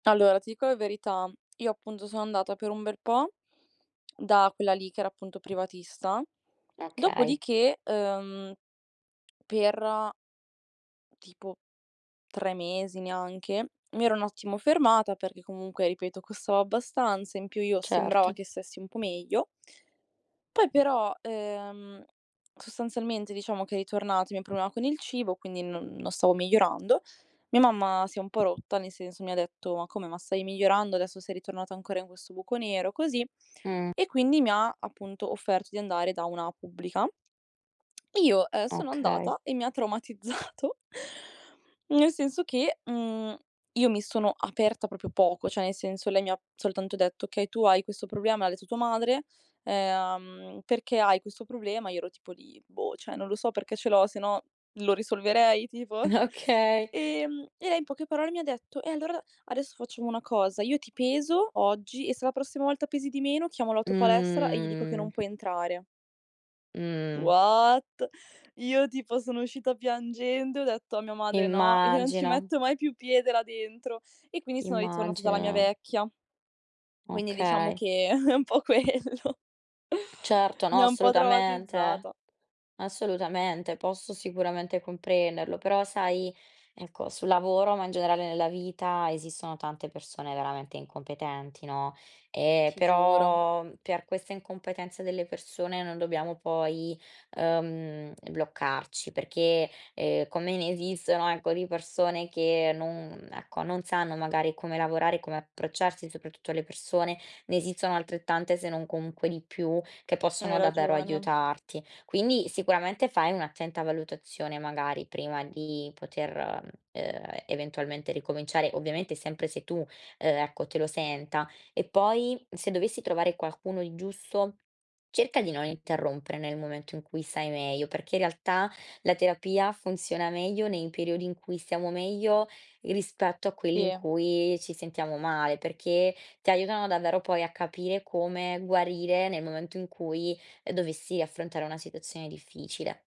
Allora, ti dico la verità, io, appunto, sono andata per un bel po' da quella lì che era, appunto, privatista, Okay. dopodiché, uhm, per tipo 3 mesi, neanche, mi ero un ottimo fermata, perché, comunque, ripeto, costava abbastanza, in più io sembrava Certo. che stessi un po' meglio poi però, ehm, sostanzialmente, diciamo che è ritornato i mio problema con il cibo, quindi non non stavo migliorando. Mia mamma si è un po' rotta, nel senso, mi ha detto: "Ma come? Ma stavi migliorando e adesso sei ritornata ancora in questo buco nero?" Così, Mh. e quindi mi ha, appunto, offerto di andare da una pubblica, e io, ehm, sono Okay. andata e mi ha traumatizzato nel senso che, mhmm, io mi sono aperta proprio poco, cioè, nel senso, lei mi ha soltanto detto: "Okay, tu hai questo problema, me l'ha detto tua madre uhm, perché hai questo problema?" Io ero tipo lì: "Boh, cioè non lo so perché ce l'ho, sennò lo risolverei tipo?" Okay. Ehm, e lei in poche parole mi ha detto: "E allora adesso facciamo una cosa, io ti peso oggi e se la prossima volta pesi di meno, chiamo la tua palestra e gli dico che non Mhmm. puoi entrare" Mh. What? Io tipo, sono uscita piangendo e ho detto a mia madre: "No, io non ci Immagino. metto mai più piede là dentro." E quindi sono ritornata dalla mia Immagino. vecchia. Quindi, diciamo Okay. che è un po' quello Certo, mi no, ha un po' assolutamente, traumatizzata. assolutamente. Posso sicuramente comprenderlo, però sai, ecco, sul lavoro, ma in generale nella vita, esistono tante persone veramente incompetenti, no, ehm, Ti giuro. però, per questa incompetenza delle persone, non dobbiamo poi, uhm, mhmm, bloccarci perché, ehm, come ne esistono, ecco, di persone che non ecco, non sanno, magari, come lavorare, come approcciarsi, soprattutto alle persone, ne esistono altrettante, se non comunque di più, che Hai possono davvero ragione. aiutarti. Quindi, sicuramente, fai un'attenta valutazione, magari, prima di poter, uhm, eventualmente ricominciare. Ovviamente sempre se tu, uhm, ecco, te lo senta, e poi, m se dovessi trovare qualcuno di giusto, cerca di non interrompere nel momento in cui sai meglio, perché, in realtà, la terapia funziona meglio nei periodi in cui stiamo meglio i rispetto a quelli in Si. cui ci sentiamo male, perché ti aiutano davvero poi a capire come guarire nel momento in cui, ehm, dovessi affrontare una situazione difficile.